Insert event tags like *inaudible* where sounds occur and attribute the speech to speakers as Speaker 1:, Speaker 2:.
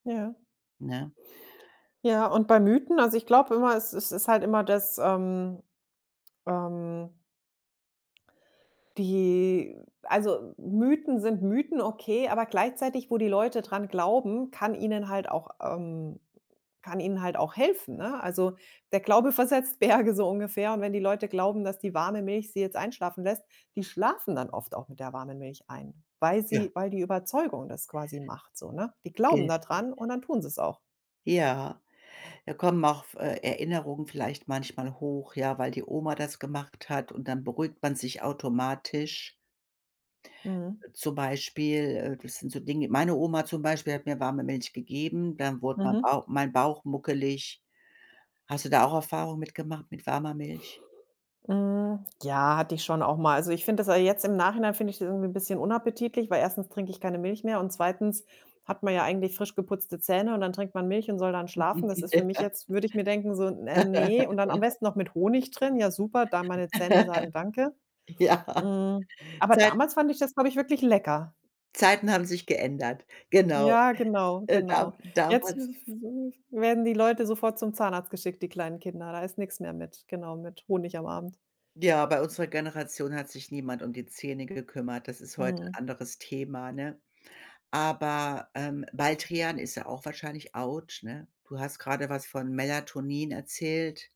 Speaker 1: Ja.
Speaker 2: Ne?
Speaker 1: Ja, und bei Mythen, also ich glaub immer, es es ist halt immer das, ähm ähm die Also, Mythen sind Mythen, okay, aber gleichzeitig wo die Leute dran glauben, kann ihnen halt auch, ähm kann ihnen halt auch helfen, ne? Also, der Glaube versetzt Berge so ungefähr und wenn die Leute glauben, dass die warme Milch sie jetzt einschlafen lässt, die schlafen dann oft auch mit der warme Milch ein, weil
Speaker 2: Ja.
Speaker 1: sie weil die Überzeugung das quasi macht so, ne? Die glauben
Speaker 2: Ge
Speaker 1: da dran und dann tun sie's auch.
Speaker 2: Ja, da kommen auf f äh, Erinnerungen vielleicht manchmal hoch, ja, weil die Oma das gemacht hat, und dann beruhigt man sich automatisch.
Speaker 1: Mhm.
Speaker 2: Äh, zum Beispiel, äh, das sind so Dinge meine Oma, zum Beispiel, hat mir warme Milch gegeben, dann wurde ma
Speaker 1: Mhm.
Speaker 2: Bauch mein Bauch muckelig. Hast du da auch Erfahrungen mit gemacht, mit warmer Milch?
Speaker 1: Hm, ja, hatte ich schon auch mal. Also, ich finde das a jetzt im Nachhinein finde ich das irgendwie 'n bisschen unappetitlich, weil erstens trinke ich keine Milch mehr und zweitens hat man ja eigentlich frisch geputzte Zähne, und dann trinkt man Milch und soll dann schlafen. Das ist für mich jetzt
Speaker 2: *laughs*
Speaker 1: würde ich mir denken so: „Äh, ne”, und dann am
Speaker 2: *laughs*
Speaker 1: besten noch mit Honig drin, ja super, da meine Zähne sagen: „Danke”.
Speaker 2: *laughs* Ja.
Speaker 1: Mhm. Aber
Speaker 2: Zeit
Speaker 1: damals fand ich das, glaube ich, wirklich lecker.
Speaker 2: Zeiten haben sich geändert. Genau.
Speaker 1: Ja, genau,
Speaker 2: Äh, da
Speaker 1: genau. Jetzt
Speaker 2: damals
Speaker 1: w w w werden die Leute sofort zum Zahnarzt geschickt, die kleinen Kinder. Da ist nix mehr mit genau, mit Honig am Abend.
Speaker 2: Ja, bei unserer Generation hat sich niemand um die Zähne gekümmert. Das ist heute 'n
Speaker 1: Mhm.
Speaker 2: anderes Thema, ne? Aber, ähm, Baldrian ist ja auch wahrscheinlich autsch, ne? Du hast gerade was von Melatonin erzählt.